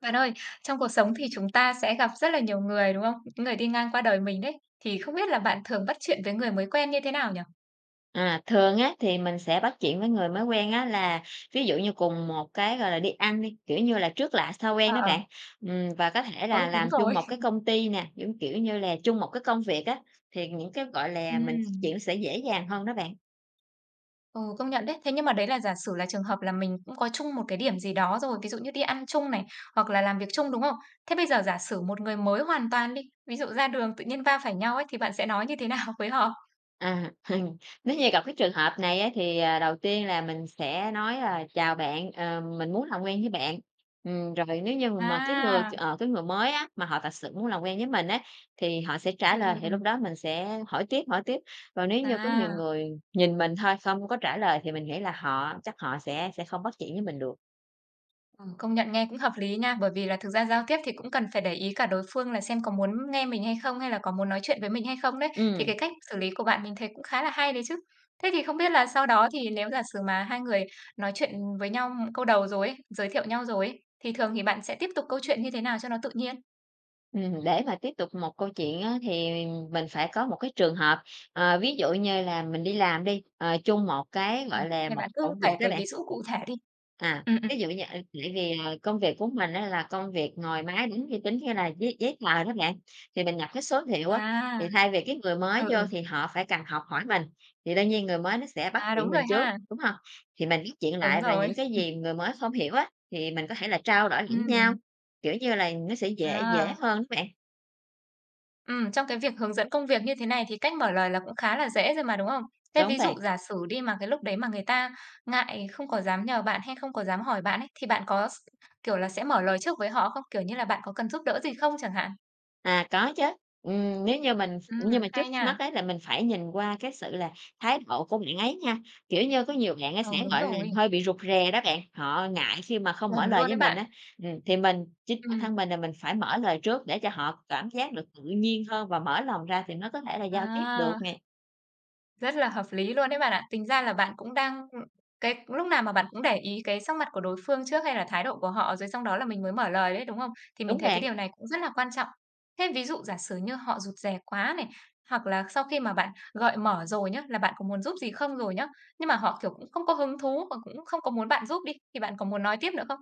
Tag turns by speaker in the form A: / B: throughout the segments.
A: Bạn ơi, trong cuộc sống thì chúng ta sẽ gặp rất là nhiều người, đúng không? Những người đi ngang qua đời mình đấy, thì không biết là bạn thường bắt chuyện với người mới quen như thế nào nhỉ?
B: À, thường á thì mình sẽ bắt chuyện với người mới quen á là, ví dụ như cùng một cái, gọi là, đi ăn đi, kiểu như là, trước lạ sau quen
A: À,
B: đó
A: ờ.
B: bạn. Ừm, và có thể
A: Ừ,
B: là
A: đúng
B: làm
A: rồi.
B: chung một cái công ty nè, giống kiểu như là, chung một cái công việc á, thì những cái, gọi là, mình x
A: Ừm.
B: chuyện sẽ dễ dàng hơn đó bạn.
A: Ừ, công nhận đấy. Thế nhưng mà đấy là giả sử là trường hợp là mình cũng có chung một cái điểm gì đó rồi, ví dụ như đi ăn chung này, hoặc là làm việc chung, đúng không? Thế bây giờ giả sử một người mới hoàn toàn đi. Ví dụ ra đường tự nhiên va phải nhau ấy thì bạn sẽ nói như thế nào với họ?
B: À, nếu như gặp cái trường hợp này á thì, à, đầu tiên là mình sẽ nói, à, "Chào bạn, ờ, mình muốn làm quen với bạn." Ừm, rồi nếu như mà mà cái người,
A: À.
B: ờ, cái người mới á, mà họ thật sự muốn làm quen với mình á, thì họ sẽ trả
A: Ừm, ừm,
B: lời thì lúc
A: ừm.
B: đó mình sẽ hỏi tiếp, hỏi tiếp. Còn nếu như có nhiều
A: À.
B: người nhìn mình thôi, không có trả lời thì mình nghĩ là họ chắc họ sẽ sẽ không bắt chuyện với mình được.
A: Ừ, công nhận nghe cũng hợp lý nha. Bởi vì là thực ra giao tiếp thì cũng cần phải để ý cả đối phương là xem có muốn nghe mình hay không, hay là có muốn nói chuyện với mình hay không đấy. Thì
B: Ừm.
A: cái cách xử lý của bạn mình thấy cũng khá là hay đấy chứ. Thế thì không biết là sau đó thì nếu giả sử mà hai người nói chuyện với nhau câu đầu rồi ấy, giới thiệu nhau rồi ấy, thì thường thì bạn sẽ tiếp tục câu chuyện như thế nào cho nó tự nhiên?
B: Ừm, để mà tiếp tục một câu chuyện á thì mình phải có một cái trường hợp. Ờ, ví dụ như là mình đi làm đi, ờ, chung một cái,
A: Ừm,
B: gọi là,
A: thì
B: một
A: bạn cứ
B: công
A: kể
B: việc đó
A: cái
B: bạn.
A: ví dụ cụ thể đi.
B: À,
A: Ừm, ừm.
B: ví dụ như, a, tại vì, à, công việc của mình á là công việc ngồi máy tính, vi tính, như là giấy giấy tờ đó bạn, thì mình nhập cái số liệu á, thì
A: À.
B: thay vì cái người mới
A: Ừ,
B: vô
A: ừ.
B: thì họ phải cần học hỏi mình, thì đương nhiên người mới nó sẽ bắt
A: À, đúng
B: chuyện
A: rồi
B: mình trước,
A: ha.
B: đúng hông? Thì mình bắt chuyện
A: Đúng
B: lại và
A: rồi.
B: những cái gì người mới không hiểu á, thì mình có thể là trao đổi lẫn nhau,
A: Ừm.
B: kiểu như là, nó sẽ dễ dễ
A: À.
B: hơn đó bạn.
A: Ừm, trong cái việc hướng dẫn công việc như thế này thì cách mở lời là cũng khá là dễ rồi mà, đúng không? Thế
B: Đúng
A: ví dụ
B: bạn.
A: giả sử đi mà cái lúc đấy mà người ta ngại, không có dám nhờ bạn hay không có dám hỏi bạn ấy, thì bạn có s kiểu là, sẽ mở lời trước với họ không? Kiểu như là "Bạn có cần giúp đỡ gì không?" chẳng hạn.
B: À, có chứ. Ừm, nếu như mình
A: Ừm,
B: nhưng mà trước
A: hay nha.
B: mắt á là mình phải nhìn qua cái sự là thái độ của bạn ấy nha. Kiểu như, có nhiều bạn á
A: Ừ,
B: sẽ,
A: đúng
B: gọi là,
A: rồi.
B: hơi bị rụt rè đó bạn, họ ngại khi mà không mở
A: Chuẩn
B: lời
A: luôn
B: với
A: đấy
B: mình
A: bạn.
B: á, ừm, thì mình, chính bản thân
A: Ừm.
B: mình là mình phải mở lời trước để cho họ cảm giác được tự nhiên hơn và mở lòng ra thì nó có thể là giao tiếp được
A: À.
B: nè.
A: Rất là hợp lý luôn đấy bạn ạ. Tính ra là bạn cũng đang, ưm, cái lúc nào mà bạn cũng để ý cái sắc mặt của đối phương trước hay là thái độ của họ rồi xong đó là mình mới mở lời đấy, đúng không? Thì mình
B: Đúng
A: thấy cái
B: bạn.
A: điều này cũng rất là quan trọng. Thế ví dụ giả sử như họ rụt rè quá này, hoặc là sau khi mà bạn gợi mở rồi nhớ, là "bạn có muốn giúp gì không?" rồi nhớ. Nhưng mà họ, kiểu, cũng không có hứng thú và cũng không có muốn bạn giúp đi, thì bạn có muốn nói tiếp nữa không?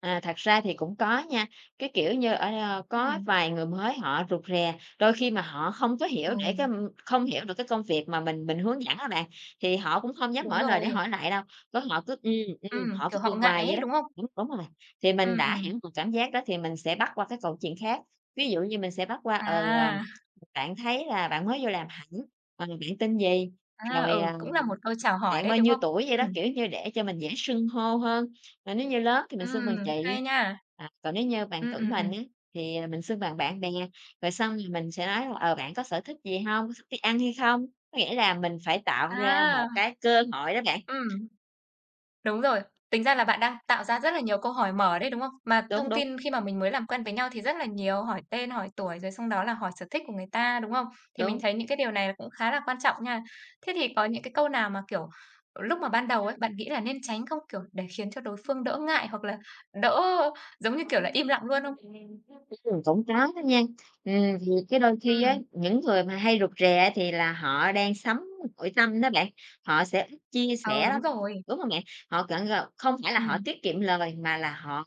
B: À, thật ra thì cũng có nha, cái kiểu như, ơ, có
A: Ừm.
B: vài người mới họ rụt rè, đôi khi mà họ không có hiểu để cái,
A: Ừ.
B: ơ, không hiểu được cái công việc mà mình mình hướng dẫn đó bạn, thì họ cũng không dám
A: Đúng
B: mở lời để
A: rồi.
B: hỏi lại đâu. Có họ cứ: "Ừm, ừm",
A: Ừm,
B: họ cứ
A: kiểu, họ
B: ừm
A: ngại
B: hoài vậy
A: ấy,
B: đó,
A: đúng không?
B: đúng đúng rồi. Thì mình
A: Ừm,
B: đã hiểu
A: ừm.
B: được cảm giác đó thì mình sẽ bắt qua cái câu chuyện khác. Ví dụ như mình sẽ bắt qua, ờ:
A: À.
B: "Bạn thấy là bạn mới vô làm hẳn? Ờ, bạn tên gì?",
A: À,
B: rồi,
A: ừ,
B: ờ:
A: cũng là một câu chào hỏi
B: "Bạn
A: đấy,
B: bao
A: đúng
B: nhiêu
A: không?
B: tuổi?" vậy đó,
A: Ừm.
B: kiểu như, để cho mình dễ xưng hô hơn. Rồi nếu như lớn thì mình xưng
A: Ừm,
B: bằng chị,
A: hay nha.
B: à, còn nếu như bằng
A: Ừ,
B: tuổi
A: ừm,
B: mình
A: ừm.
B: á thì, à, mình xưng bằng bạn bè. Rồi xong rồi mình thì sẽ nói, ờ, bạn có sở thích gì hông? Có thích đi ăn hay không? Có nghĩa là mình phải tạo ra
A: À.
B: một cái cơ hội đó bạn.
A: Ừm. Đúng rồi. Tính ra là bạn đang tạo ra rất là nhiều câu hỏi mở đấy, đúng không? Mà
B: Đúng,
A: thông
B: đúng.
A: tin khi mà mình mới làm quen với nhau thì rất là nhiều, hỏi tên, hỏi tuổi rồi xong đó là hỏi sở thích của người ta, đúng không? Thì mình
B: Đúng.
A: thấy những cái điều này cũng khá là quan trọng nha. Thế thì có những cái câu nào mà, kiểu, lúc mà ban đầu ấy, bạn nghĩ là nên tránh không, kiểu, để khiến cho đối phương đỡ ngại hoặc là đỡ giống như, kiểu
B: Ừm,
A: là, im lặng luôn không?
B: cũng có đó nha. Ừm, thì cái đôi khi á,
A: Ừm.
B: những người mà hay rụt rè á thì là họ đang sống nội tâm đó bạn, họ sẽ ít chia
A: Ờ,
B: sẻ
A: đúng
B: lắm,
A: rồi.
B: đúng hông bạn? Họ cảng gọi không phải là họ
A: Ừm.
B: tiết kiệm lời mà là họ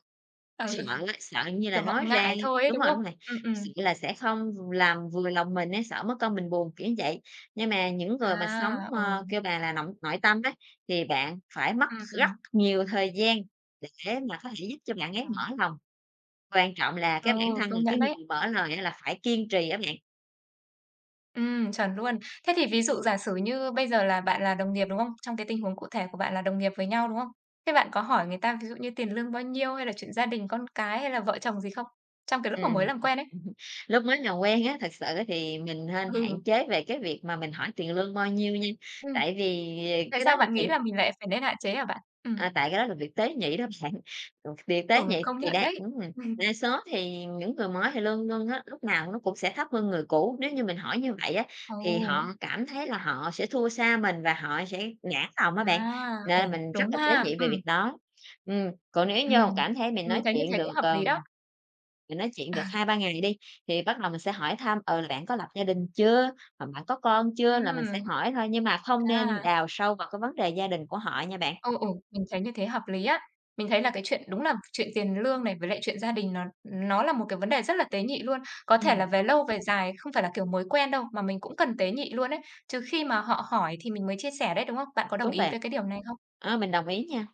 A: Ừ.
B: sợ á, sợ như
A: Kiểu,
B: là
A: họ
B: nói ra
A: ngại thôi ấy,
B: đúng
A: đúng
B: rồi,
A: không?
B: đúng rồi,
A: Ừm,
B: sợ
A: ừm.
B: là sẽ không v làm vừa lòng mình á, sợ mất công mình buồn, kiểu vậy. Nhưng mà những người mà sống,
A: À, ừ.
B: ơ, kêu bà là nội- nội tâm á, thì bạn phải mất
A: Ừm,
B: rất
A: ừm.
B: nhiều thời gian để mà có thể giúp cho bạn ấy
A: Vâng.
B: mở lòng. Quan trọng là
A: Ừ,
B: cái bản thân là
A: công
B: cái
A: nhận đấy.
B: người mở lời á là phải kiên trì á bạn.
A: Ừm, chuẩn luôn. Thế thì ví dụ giả sử như bây giờ là bạn là đồng nghiệp, đúng không? Trong cái tình huống cụ thể của bạn là đồng nghiệp với nhau, đúng không? Thế bạn có hỏi người ta ví dụ như tiền lương bao nhiêu hay là chuyện gia đình, con cái hay là vợ chồng gì không trong cái lúc mà mới
B: Ừm,
A: làm quen ấy?
B: ừm, lúc mới nào quen á, thực sự á thì mình nên
A: Ừ.
B: hạn chế về cái việc mà mình hỏi tiền lương bao nhiêu nha,
A: Ừm,
B: tại vì, ờ,
A: tại
B: cái đó
A: sao
B: là
A: bạn nghĩ
B: chuyện
A: là mình lại phải nên hạn chế hả bạn? Ừm.
B: À, tại cái đó là việc tế nhị đó bạn, ừ, việc tế
A: Ừ,
B: nhị
A: công
B: thì
A: nhận
B: đang,
A: đấy,
B: ứm ừm
A: ừm.
B: đa số thì những người mới thì lương lương á, lúc nào nó cũng sẽ thấp hơn người cũ. Nếu như mình hỏi như vậy á,
A: Ừ.
B: thì họ cảm thấy là họ sẽ thua xa mình và họ sẽ nản lòng á bạn
A: À, ồ,
B: nên mình rất
A: đúng
B: là tế
A: ha,
B: nhị về việc
A: ừm.
B: đó. Ừm, còn nếu vô
A: Ừm,
B: cảm thấy mình
A: mình
B: nói
A: thấy như
B: chuyện
A: thế cũng
B: được,
A: hợp
B: ờ,
A: lý đó.
B: mình nói chuyện
A: À.
B: được 2-3 ngày đi, thì bắt đầu mình sẽ hỏi thăm, ờ, là bạn có lập gia đình chưa, hoặc bạn có con chưa là
A: Ừm.
B: mình sẽ hỏi thôi, nhưng mà không
A: À.
B: nên đào sâu vào cái vấn đề gia đình của họ nha bạn.
A: Ồ, ồ, mình thấy như thế hợp lý á. Mình thấy là cái chuyện đúng là chuyện tiền lương này với lại chuyện gia đình nó nó là một cái vấn đề rất là tế nhị luôn. Có thể là
B: Ừm.
A: về lâu về dài, không phải là kiểu mới quen đâu, mà mình cũng cần tế nhị luôn ấy, trừ khi mà họ hỏi thì mình mới chia sẻ đấy, đúng không? Bạn có đồng
B: Đúng
A: ý
B: bạn.
A: với cái điều này không?
B: Ơ, mình đồng ý nha.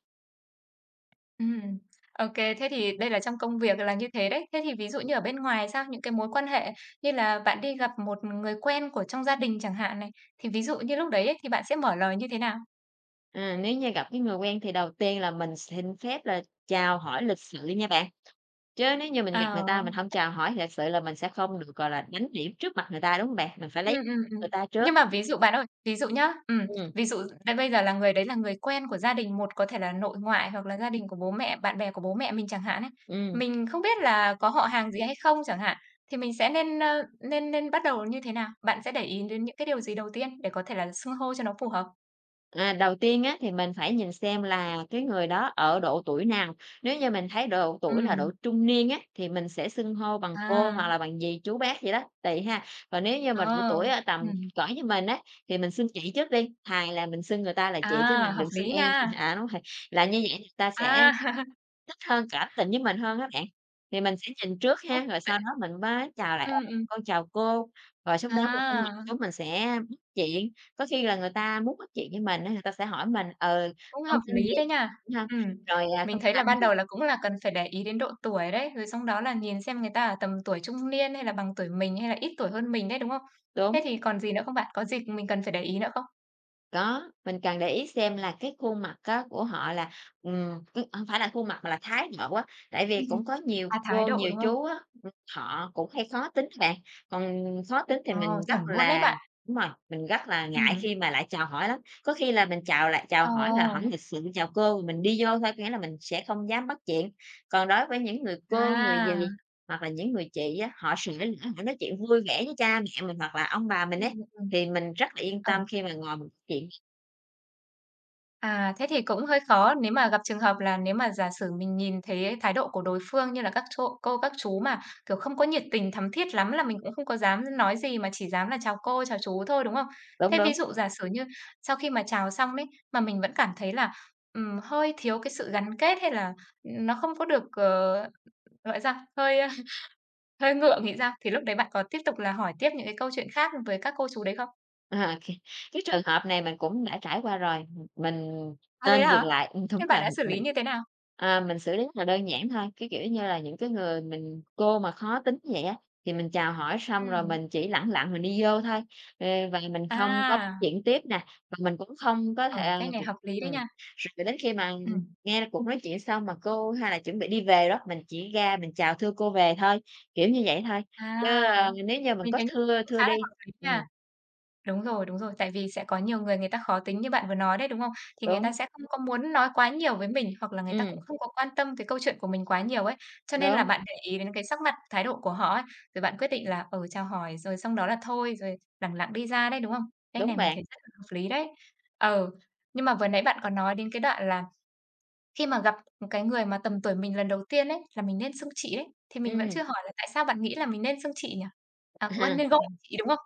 A: Ừm. OK, thế thì đây là trong công việc là như thế đấy. Thế thì ví dụ như ở bên ngoài sao, những cái mối quan hệ như là bạn đi gặp một người quen của trong gia đình chẳng hạn này, thì ví dụ như lúc đấy ấy thì bạn sẽ mở lời như thế nào?
B: À, nếu như gặp cái người quen thì đầu tiên là mình xin phép là chào hỏi lịch sự nha bạn. Chớ nếu như mình gặp người ta
A: À.
B: mình hông chào hỏi lịch sự là mình sẽ không được, gọi là, đánh điểm trước mặt người ta, đúng hông bạn? Mình phải lấy
A: Ừm, ừm, ừm.
B: người ta trước.
A: Nhưng mà ví dụ bạn ơi, ví dụ nhá, ừm,
B: Ừm.
A: ví dụ là bây giờ là người đấy là người quen của gia đình một có thể là nội ngoại hoặc là gia đình của bố mẹ, bạn bè của bố mẹ mình chẳng hạn ấy,
B: Ừm.
A: mình không biết là có họ hàng gì hay không chẳng hạn, thì mình sẽ nên, a, nên nên bắt đầu như thế nào? Bạn sẽ để ý đến những cái điều gì đầu tiên để có thể là xưng hô cho nó phù hợp?
B: À, đầu tiên á thì mình phải nhìn xem là cái người đó ở độ tuổi nào. Nếu như mình thấy độ tuổi là độ
A: Ừm.
B: trung niên á, thì mình sẽ xưng hô bằng cô hoặc
A: À.
B: là bằng dì, chú, bác gì đó, tuỳ ha. Còn nếu như mà độ
A: Ờ,
B: tuổi ở tầm
A: ừm.
B: cỡ như mình á, thì mình xưng chị trước đi, thà là mình xưng người ta là chị chứ
A: À,
B: mình
A: hợp
B: đừng xưng
A: lý
B: em
A: nha.
B: à, đúng rồi. Làm như vậy người ta sẽ
A: À.
B: thích hơn, cảm tình với mình hơn á bạn, thì mình sẽ nhìn trước
A: Ơ.
B: ha, rồi sau đó
A: [unintelligible]
B: mình mới chào lại:
A: Ừm,
B: "Ờ,
A: ừm.
B: con chào cô." Rồi xong đó người ta ngồi
A: À!
B: xuống mình sẽ bắt chuyện. Có khi là người ta muốn bắt chuyện với mình á, người ta sẽ hỏi mình: "Ừ,
A: Cũng
B: con
A: hợp
B: tên
A: lý
B: gì?"
A: đấy nha.
B: Đúng hông?
A: Ừm.
B: Rồi, à:
A: Mình
B: "Con
A: thấy là
B: làm
A: ban
B: gì?"
A: đầu là cũng là cần phải để ý đến độ tuổi đấy, rồi xong đó là nhìn xem người ta ở tầm tuổi trung niên hay là bằng tuổi mình hay là ít tuổi hơn mình đấy, đúng không? Thế
B: Đúng.
A: thì còn gì nữa không bạn? Có gì mình cần phải để ý nữa không?
B: Có, mình cần để ý xem là, cái khuôn mặt có của họ là, ừm, ừ, hông phải là khuôn mặt mà là thái độ á. Tại
A: Cái
B: vì
A: gì?
B: cũng có nhiều
A: À! Thái
B: cô,
A: độ,
B: nhiều
A: đúng không?
B: chú á, ừm, họ cũng hay khó tính đó bạn, còn khó tính thì
A: Ờ,
B: mình rất
A: chuẩn luôn ấy
B: là
A: bạn!
B: đúng rồi, mình rất là ngại
A: Ừm.
B: khi mà lại chào hỏi lắm. Có khi là mình chào lại chào
A: Ờ.
B: hỏi là hỏi lịch sự "Chào cô" Thì mình đi vô thôi, có nghĩa là mình sẽ không dám bắt chuyện. Còn đối với những người cô, người
A: Đa.
B: dì hoặc là những người chị á, họ sởi lởi, họ nói chuyện vui vẻ với cha mẹ mình hoặc là ông bà mình ấy,
A: Ừm, ừm.
B: thì mình rất là yên tâm
A: Ừ.
B: khi mà ngồi mình chuyện nè.
A: À! Thế thì cũng hơi khó. Nếu mà gặp trường hợp là nếu mà giả sử mình nhìn thấy thái độ của đối phương như là các cô- cô các chú mà, kiểu, không có nhiệt tình, thắm thiết lắm là mình cũng không có dám nói gì mà chỉ dám là chào cô, chào chú thôi, đúng không?
B: Đúng,
A: Thế ví
B: đúng.
A: dụ giả sử như sau khi mà chào xong ấy, mà mình vẫn cảm thấy là, ừm, hơi thiếu cái sự gắn kết, hay là, ừm, nó không có được, ờ, gọi sao, hơi, a, hơi ngượng thì sao? Thì lúc đấy bạn có tiếp tục là hỏi tiếp những cái câu chuyện khác với các cô chú đấy không?
B: Ờ, kê, cái trường hợp này mình cũng đã trải qua rồi. Ừm, mình
A: À! thế
B: nên dừng
A: hả?
B: lại, ừm, thúng
A: Thế
B: rồi,
A: bạn đã
B: ừm,
A: xử lý
B: mình,
A: như thế nào?
B: à, mình xử lý rất là đơn giản thôi. Cái kiểu như là, những cái người mình cô mà khó tính vậy á, thì mình chào hỏi xong rồi
A: Ừm.
B: mình chỉ lẳng lặng mình đi vô thôi, ờ, và mình không có bắt
A: À!
B: chuyện tiếp nè, và mình cũng không có
A: Ừ,
B: thể,
A: cách này
B: [unintelligible]
A: hợp lý đấy
B: ừm.
A: nha!
B: Rồi là đến khi mà
A: Ừm.
B: nghe cuộc nói chuyện xong mà cô hay là chuẩn bị đi về đó, mình chỉ ra mình chào thưa cô về thôi, kiểu như vậy thôi. Chứ,
A: À!
B: a, nếu như mình
A: Mình
B: có
A: thấy
B: thưa
A: cũng khá
B: thưa
A: là
B: đi
A: hợp lý nha.
B: ừm.
A: Đúng rồi, đúng rồi. Tại vì sẽ có nhiều người người ta khó tính như bạn vừa nói đấy, đúng không? Thì người ta
B: Đúng.
A: sẽ không có muốn nói quá nhiều với mình, hoặc là người ta cũng
B: Ừm.
A: không có quan tâm cái câu chuyện của mình quá nhiều ấy. Cho nên là
B: Đúng.
A: bạn để ý đến cái sắc mặt, thái độ của họ ấy, rồi bạn quyết định là, ừ, chào hỏi rồi xong đó là thôi rồi lẳng lặng đi ra đấy, đúng không? Cách
B: Đúng
A: này mình
B: bạn.
A: thấy rất là hợp lý đấy. Ừ, nhưng mà vừa nãy bạn có nói đến cái đoạn là khi mà gặp một cái người mà tầm tuổi mình lần đầu tiên ấy, là mình nên xưng chị đấy, thì mình vẫn
B: Ừm.
A: chưa hỏi là tại sao bạn nghĩ là mình nên xưng chị nhỉ? À! nên gọi chị, đúng không?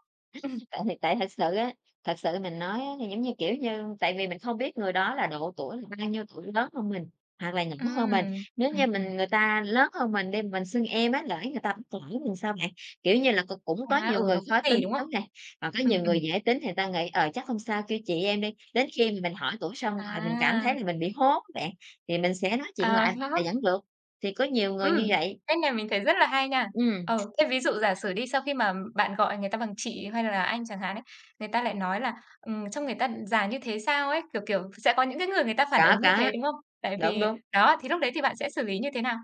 A: Ừm.
B: Tại thì tại thật sự á, thật sự mình nói á thì, giống như, kiểu như, tại vì mình không biết người đó là độ tuổi là bao nhiêu tuổi lớn hơn mình, hoặc là nhỏ hơn mình.
A: Ừm,
B: Nếu nghe
A: ừm, ừm.
B: mình người ta lớn hơn mình đi, mình xưng em á, lỡ người ta bắt lỗi mình sao bạn? Kiểu như là, c cũng có
A: Ạ, ừ,
B: nhiều người
A: nó cũng
B: khó tính,
A: kì, đúng không?
B: đúng nè? Còn có
A: Ừm,
B: nhiều người
A: ừm.
B: dễ tính thì ta nghĩ "Ờ, chắc không sao, kêu chị em đi!" Đến khi mà mình hỏi tuổi xong rồi mình cảm thấy
A: À!
B: là mình bị hố á bạn, thì mình sẽ nói chuyện
A: À!
B: lại
A: Khác.
B: là vẫn được. Thì có nhiều người
A: Ừm,
B: như vậy.
A: cách này mình thấy rất là hay nha.
B: Ừm.
A: Ờ, thế ví dụ giả sử đi sau khi mà bạn gọi người ta bằng chị hay là anh chẳng hạn ấy, người ta lại nói là, ừm, trông người ta già như thế sao ấy, kiểu kiểu sẽ có những cái người người ta phản ứng
B: Có,
A: như thế,
B: có.
A: đúng không? Tại
B: Đúng,
A: vì
B: đúng.
A: đó, thì lúc đấy thì bạn sẽ xử lý như thế nào?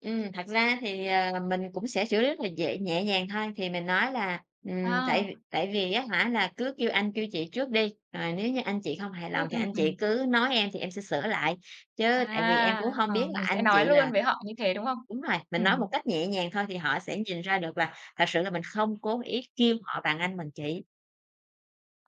B: Ừm, thật ra thì, ờ, mình cũng sẽ xử lý rất là dễ nhẹ nhàng thôi. Thì mình nói là "Ừm, tại v
A: À.
B: tại vì, á hả, là cứ kêu anh kêu chị trước đi, rồi nếu như anh chị không hài
A: Ừm,
B: lòng thì
A: ừm,
B: anh chị
A: ừm.
B: cứ nói em thì em sẽ sửa lại, chứ tại vì em cũng
A: À,
B: hông biết
A: ờ,
B: là
A: mình sẽ
B: anh
A: nói
B: chị
A: luôn
B: là"
A: với họ như thế, đúng không?
B: đúng rồi, mình nói một
A: Ừm.
B: cách nhẹ nhàng thôi, thì họ sẽ nhìn ra được là thật sự là mình không cố ý kêu họ bằng anh bằng chị.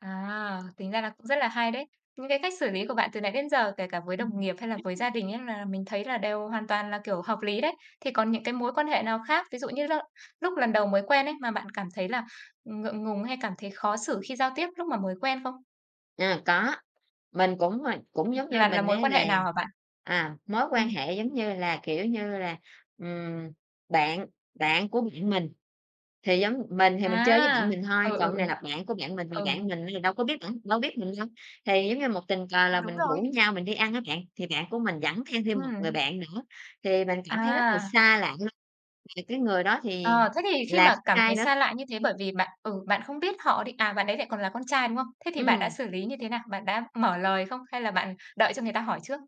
A: À, tính ra là cũng rất là hay đấy. Những cái cách xử lý của bạn từ nãy đến giờ, kể cả với đồng
B: Ừm.
A: nghiệp hay là với gia
B: [unintelligible]
A: đình ấy là mình thấy là đều hoàn toàn là kiểu hợp lý đấy. Thì còn những cái mối quan hệ nào khác, ví dụ như l lúc lần đầu mới quen ấy mà bạn cảm thấy là ngượng ngùng hay cảm thấy khó xử khi giao tiếp lúc mà mới quen không?
B: À, có, mình cũng, ờ, cũng
A: Ừm.
B: giống như
A: Là là
B: mình
A: mối
B: á
A: quan hệ
B: là,
A: nào hả bạn?
B: à, mối quan
A: Ừm.
B: hệ giống như là, kiểu như là, ừm, bạn bạn của bạn mình, thì giống mình thì mình chơi với bạn
A: À,
B: mình thôi,
A: ừ,
B: còn
A: ừ, ừ.
B: cái này là bạn của bạn mình, mà
A: Ừ.
B: bạn mình giờ đâu có biết bạn đâu biết mình đâu. Thì giống như một tình cờ
A: Ờ,
B: là
A: đúng
B: mình rủ
A: rồi.
B: nhau mình đi ăn á bạn, thì bạn của mình dẫn theo thêm một người
A: Ừm.
B: bạn nữa, thì mình cảm thấy rất là
A: À.
B: xa lạ luôn, và cái người đó thì
A: Ờ, thế thì khi
B: là
A: mà
B: con
A: cảm
B: trai
A: thấy
B: nữa.
A: xa lạ như thế bởi vì bạn, ừ, bạn không biết họ đi, à, bạn ấy lại còn là con trai, đúng không? Thế thì bạn đã
B: Ừm.
A: xử lý như thế nào? Bạn đã mở lời không? Hay là bạn đợi cho người ta hỏi trước?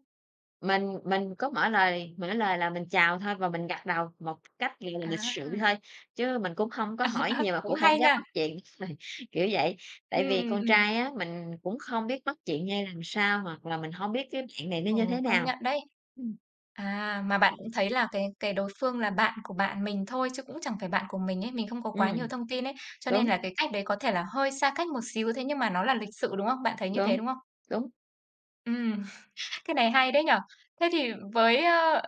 B: Mình mình có mở lời, mở lời là mình chào thôi và mình gật đầu một cách, gọi là, lịch sự
A: À.
B: thôi, chứ mình cũng hông có hỏi nhiều mà
A: Cũng
B: cũng hông
A: hay
B: dám
A: nha.
B: bắt chuyện, ời, kiểu vậy. Tại
A: Ừm,
B: vì con
A: ừm, ừm.
B: trai á, mình cũng không biết bắt chuyện ra làm sao hoặc là mình hông biết cái bạn này nó
A: Ừ,
B: như thế
A: công
B: nào.
A: nhận đấy.
B: Ừm.
A: À, mà bạn cũng thấy là cái cái đối phương là bạn của bạn mình thôi chứ cũng chẳng phải bạn của mình ấy, mình không có quá nhiều
B: Ừm.
A: thông tin ấy. Cho nên
B: Đúng.
A: là cái cách đấy có thể là hơi xa cách một xíu, thế nhưng mà nó là lịch sự, đúng không? Bạn thấy như thế,
B: Đúng,
A: đúng không?
B: đúng.
A: Ừm. Cái này hay đấy nhỉ. Thế thì với, a,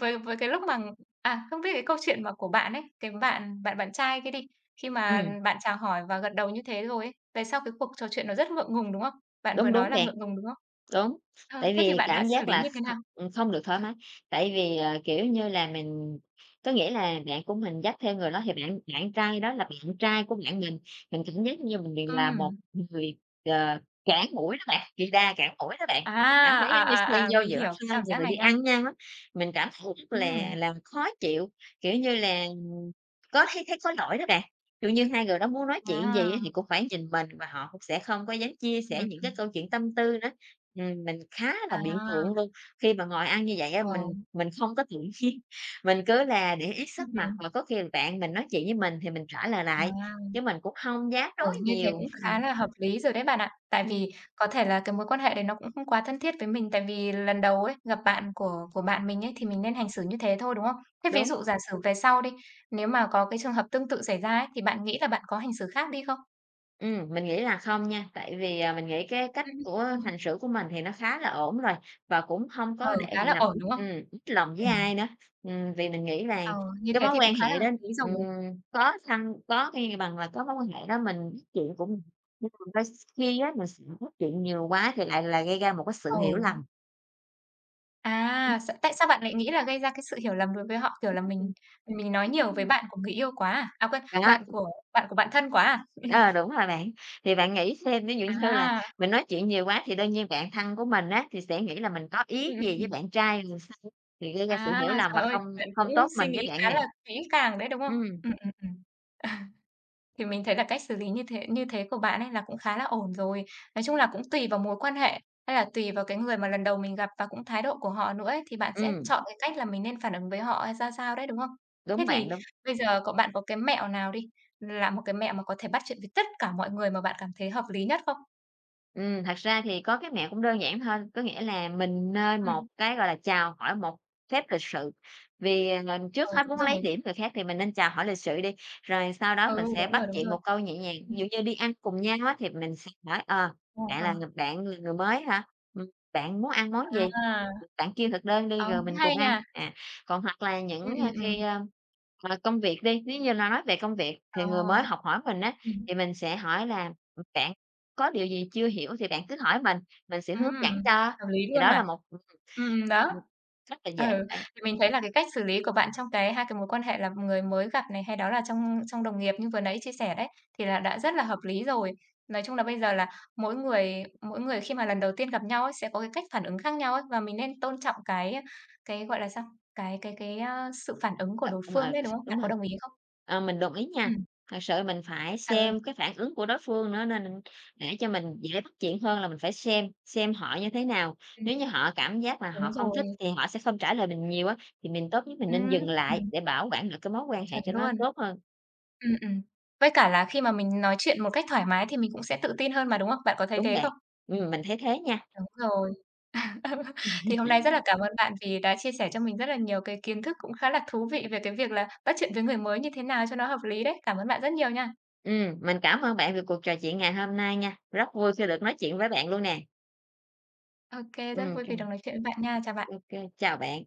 A: với với cái lúc mà à, không biết cái câu chuyện mà của bạn ấy, cái bạn bạn bạn trai kia đi, khi mà
B: Ừm.
A: bạn chào hỏi và gật đầu như thế rồi ấy, về sau cái cuộc trò chuyện nó rất ngượng ngùng, đúng không? Bạn vừa
B: Đúng,
A: nói
B: đúng
A: là
B: bạn.
A: ngượng ngùng, đúng không?
B: Đúng.
A: Ờ,
B: Tại
A: thế thì
B: vì
A: bạn đã
B: cảm
A: xử
B: giác
A: lý
B: là
A: như thế
B: thật,
A: nào?
B: ừm, không được thoải mái, tại vì, ờ, kiểu như là, mình có nghĩa là bạn của mình dắt theo người đó thì bạn bạn trai đó là bạn trai của bạn mình. Mình cảm giác như mình vì là một
A: Ừm.
B: người, ờ, cản mũi đó bạn, kỳ đà cản mũi đó bạn,
A: À,
B: mình cảm thấy
A: à,
B: giống như xen
A: à, à,
B: vô
A: mình
B: giữa
A: hiểu cái
B: hai
A: cảm giác
B: người
A: này
B: đi ăn
A: nha.
B: với nhau á, mình cảm thấy rất là
A: Ừm.
B: là khó chịu. Kiểu như là, có thấy thấy có lỗi đó bạn. Kiểu như, hai người đó muốn nói chuyện gì á thì
A: À.
B: cũng phải nhìn mình và họ cũng sẽ không có dám chia
A: Ừm,
B: sẻ những cái
A: ừm.
B: câu chuyện tâm tư nữa. Ừm, mình khá là bị
A: À.
B: ngượng luôn, khi mà ngồi ăn như vậy á
A: Ờ.
B: mình mình không có tự nhiên, mình cứ là để ý sắc mặt
A: Ừm.
B: và có khi bạn mình nói chuyện với mình thì mình trả lời
A: À.
B: lại, chứ mình cũng không dám
A: Ờ,
B: nói
A: như thế
B: nhiều.
A: cũng
B: Ừm.
A: khá là hợp lý rồi đấy bạn ạ. Tại
B: Ừm.
A: vì có thể là cái mối quan hệ đấy nó cũng không quá thân thiết với mình, tại vì lần đầu ấy, gặp bạn của của bạn mình ấy thì mình nên hành xử như thế thôi, đúng không? Thế ví
B: Đúng.
A: dụ giả sử về sau đi, nếu mà có cái trường hợp tương tự xảy ra ấy, thì bạn nghĩ là bạn có hành xử khác đi không?
B: Ừm, mình nghĩ là không nha, tại vì, à, mình nghĩ cái cách
A: Ừm.
B: của hành xử của mình thì nó khá là ổn rồi, và cũng hông có
A: Ừ,
B: để
A: khá
B: bị
A: là
B: làm
A: ổn,
B: ít
A: đúng không?
B: ừm, mít lòng với
A: Ừm.
B: ai nữa. Ừm, vì mình nghĩ là
A: Ờ, như
B: cái
A: thế
B: mối
A: thì cũng
B: quan
A: khá là
B: hệ đó,
A: hợp lý rồi.
B: ừm, có thăng có cái bằng là cái mối quan hệ đó mình bắt chuyện cũng [unintelligible] đôi s khi á, mình s nói chuyện nhiều quá thì lại là gây ra một cái sự hiểu
A: Ừ.
B: lầm. Ừm.
A: À. Sao tại sao bạn lại nghĩ là gây ra cái sự hiểu lầm đối với họ, kiểu là, mình mình nói nhiều vởi
B: [unintelligible]
A: bạn của người yêu quá à? À, quên,
B: Đó.
A: bạn của bạn của bạn thân quá à?
B: Ờ, đúng rồi bạn, thì bạn nghĩ xem, ví dụ như là
A: À.
B: mình nói chuyện nhiều quá thì đương nhiên bạn thân của mình á, thì sẽ nghĩ là mình có
A: Ừm,
B: ý
A: ừm,
B: gì với
A: ừm.
B: bạn trai thì sao, thì gây ra sự
A: À,
B: hiểu lầm và
A: trời ơi,
B: không
A: bạn
B: không
A: cũng
B: tốt
A: suy
B: mình với
A: nghĩ
B: bạn
A: khá
B: nè.
A: là kỹ càng đấy, đúng không?
B: Ừm.
A: Ừm, ừm, ừm. À. Thì mình thấy là cách xử lý như thế như thế của bạn ấy là cũng khá là ổn rồi. Nói chung là cũng tùy vào mối quan hệ, hay là tùy vào cái người mà lần đầu mình gặp và cũng thái độ của họ nữa ấy thì bạn sẽ
B: Ừm.
A: chọn cái cách là mình nên phản ứng với họ hay sao sao đấy, đúng không? Thế
B: Đúng bạn,
A: thì
B: đúng.
A: bây giờ có bạn có cái mẹo nào đi, là một cái mẹo mà có thể bắt chuyện với tất cả mọi người mà bạn cảm thấy hợp lý nhất không?
B: Ừm, thật ra thì có cái mẹo cũng đơn giản thôi, có nghĩa là mình nên một
A: Ừm.
B: cái, gọi là, chào hỏi một phép lịch sự. Vì ng trước
A: Ừ,
B: hết
A: đúng
B: muốn lấy
A: rồi.
B: điểm người khác thì mình nên chào hỏi lịch sự đi, rồi sau đó
A: Ừ,
B: mình sẽ
A: đúng
B: bắt
A: rồi, đúng
B: chuyện
A: rồi.
B: một câu nhẹ nhàng. Ví dụ
A: Ừm.
B: như đi ăn cùng nhau á thì mình sẽ hỏi, ờ:
A: Ờ,
B: "Bạn là
A: ờ.
B: ng bạn là người mới hả, ừm, bạn muốn ăn món gì?
A: À.
B: Bạn kêu thực đơn đi
A: Ờ,
B: rồi
A: cũng
B: mình cùng
A: hay
B: ăn."
A: nha.
B: À, còn hoặc là
A: Ừm,
B: những, ơ,
A: ừm,
B: khi,
A: ừm.
B: a, mà công việc đi, nếu như no nói về công việc thì
A: Ờ.
B: người mới học hỏi mình á,
A: Ừm.
B: thì mình sẽ hỏi là "Ừm, bạn có điều gì chưa hiểu thì bạn cứ hỏi mình, mình sẽ
A: Ừm,
B: hướng dẫn cho."
A: hợp lý
B: Thì
A: luôn
B: đó
A: mà.
B: là một [unintelligible]
A: Ừm, đó.
B: rất là dễ
A: Ừ,
B: bạn.
A: thì mình thấy là cái cách xử lý của bạn trong cái 2 cái mối quan hệ là người mới gặp này hay đó là trong trong đồng nghiệp như vừa nãy chia sẻ đấy, thì là đã rất là hợp lý rồi. Nói chung là bây giờ là mỗi người mỗi người khi mà lần đầu tiên gặp nhau ấy sẽ có cái cách phản ứng khác nhau ấy. Và mình nên tôn trọng cái cái, gọi là sao, cái cái cái, ơ, sự phản ứng của đối phương
B: [unintelligible]
A: đấy, đúng không?
B: Đúng
A: Bạn
B: rồi.
A: có đồng ý không?
B: Ờ, mình đồng ý nha.
A: Ừm.
B: Thật sự mình phải
A: Ờ.
B: xem cái phản ứng của đối phương nữa nên để cho mình dễ bắt chuyện hơn là mình phải xem, xem họ như thế nào.
A: Ừm.
B: Nếu như họ cảm giác là
A: Đúng
B: họ không thích
A: rồi.
B: thì họ sẽ không trả lời mình nhiều á, thì mình tốt nhất mình nên
A: Ừm,
B: dừng lại
A: ừm.
B: để bảo quản được cái mối quan hệ
A: Chuẩn
B: cho nó
A: luôn.
B: tốt hơn.
A: Ừm, ừm. Với cả là khi mà mình nói chuyện một cách thoải mái thì mình cũng sẽ tự tin hơn mà, đúng không? Bạn có thấy
B: Đúng
A: thế
B: bạn.
A: không?
B: Ừm, mình thấy thế nha.
A: Đúng rồi. Thì hôm nay rất là cảm ơn bạn vì đã chia sẻ cho mình rất là nhiều cái kiến thức cũng khá là thú vị về cái việc là bắt chuyện với người mới như thế nào cho nó hợp lý đấy. Cảm ơn bạn rất nhiều nha.
B: Ừm, mình cảm ơn bạn về cuộc trò chuyện ngày hôm nay nha, rất vui khi được nói chuyện
A: [unintelligible]
B: với bạn luôn nè.
A: Ô kê, rất
B: Ừm,
A: vui
B: kê.
A: vì được nói chuyện với bạn nha. Chào bạn.
B: Ô kê, chào bạn.